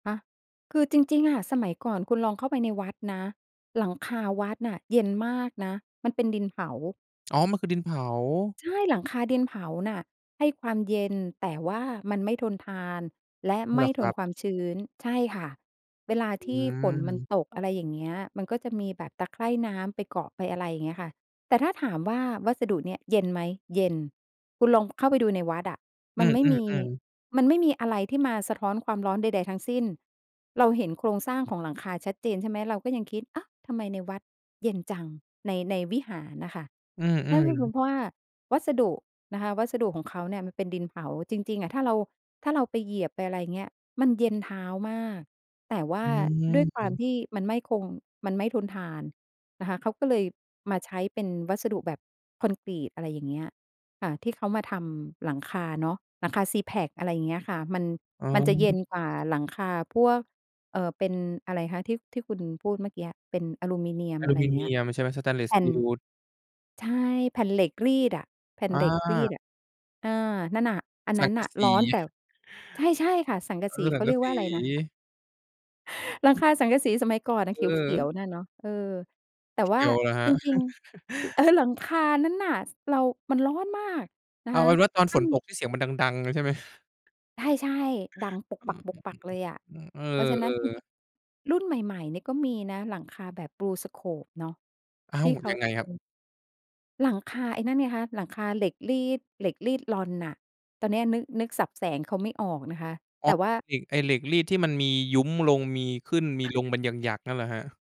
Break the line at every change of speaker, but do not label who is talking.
ฮะ คือจริง ๆ อะ สมัยก่อนคุณลองเข้าไปในวัดนะ หลังคาวัดน่ะเย็นมากนะ มันเป็นดินเผา
อ๋อ มันคือดินเผา
ใช่ หลังคาดินเผาน่ะให้ความเย็น แต่ว่ามันไม่ทนทานและ
เ
ไม
หร
่
อค
ท
รั
น
บ?
ความชื้น ใช่ค่ะ เวลา
อ
ที่ฝนมัน
ืม
ตก อะไรอย่างเงี้ย มันก็จะมีแบบตะไคร่น้ำไปเกาะไป อะไรอย่างเงี้ยค่ะ แต่ถ้าถามว่าวัสดุเนี่ยเย็นไหม เย็น คุณลองเข้าไปดูในวัดอะ
อ
ม
ื
ันไม่มี
อ ๆ ๆ
มันไม่มีอะไรที่มาสะท้อนความร้อนใด ๆ ทั้งสิ้น เราเห็นโครงสร้างของหลังคาชัดเจน ใช่ไหม เราก็ยังคิด อ้าว! ทำไมในวัดเย็นจัง ใน ในวิหารน่ะค่ะ
อือ
น่าจะเป็น
ๆ
เพราะว่าวัสดุนะคะ วัสดุของเขาเนี่ยมันเป็นดินเผา จริง ๆ อะถ้าเรา ถ้าเราไปเหยียบไป อะไรเงี้ย มันเย็นเท้ามาก แต่ว่
อ
า
ื
ด้วยความ
ม
ที่มันไม่คง มันไม่ทนทานนะคะ เขาก็เลยมาใช้เป็นวัสดุแบบคอนกรีต อะไรอย่างเงี้ยค่ะ ที่เขามาทำหลังคาเนาะ หลังคาซีแพค อะไรอย่างเงี้ยค่ะ มัน
อ๋
มันจะเย็
อ
นกว่าหลังคาพวก เอ่อ เป็นอะไรคะ ที่ ที่คุณพูดเมื่อกี้ เป็นอลูมิเนีย
อ
ม
ะล
อ
ู
ะไร
ม
อ
ิ
ย่า
เ
ง
น
เง
ี
ี้ย
ยม ใช่ไหม สเตนเลส
แผ
ส
่
ต
น
ีล
ใช่ แผ่นเหล็กรีดอะ แผ่น
อ
เหล็กรีด
า
อะ เออ นั่นน่ะ อัน
ส
น
ั
ั
ง
้น
ก
น
ะ
่ะ
ส
ร
ี
้อน แต่ ใช่ ๆ ค่ะ สังก
เ
ะ
อ
สี
อ ส
เ
ั
ข
ง
า
ก
เรี
ะ
ยก
ส
ว่
ี
าอะไรนะ? หลัง
อือ
คาสังกะสีสมัยก่อนน่ะ
เ
เขี
ออ
ยว ๆ นั่นเนาะ เออ แต่
สี
ว
เข
่า
ียวเหรอครั
จ
บ?
ริง ๆ เออ หลังคานั้นน่ะ ส เรา มันร้อนมากนะ
เอ
ค
า
ะ
เป็นว่าตอน
ถ้
ฝ
า
น
มี
ตกที่เสียงมันดัง ๆ เลยใช่ไหม?
ใช่ ๆ ดัง ปก
อ
ป
ะฮ
ัก ๆ เลยอ
ะ
ะ
อือ ๆ ๆ อื
เพราะฉ
อ
ะ
เ
นั
อ
้นจร
อ
ิ
ๆ
ง ๆ รุ่นใหม่ ๆ เนี่ยก็มีนะ หลังคาแบบบลูสโคปเนาะ
อ้า
ท
ว
ี่เขา
ยังไง
จะ
คร
ม
ั
ี
บ?
หลังคาไอ้นั่นไงคะ หลังคาเหล็กรีด เหล็กรีดลอนน่ะ ตอนเนี้ยนึก นึกศัพท์แสงเขาไม่ออกนะคะ
อ๋
แต
อ
่ว่า
ไอ้ ไอ้เหล็กรีดที่มันมียุ้มลง มีขึ้นมีลงเป็นหยัก ๆ นั่นเหรอครับ?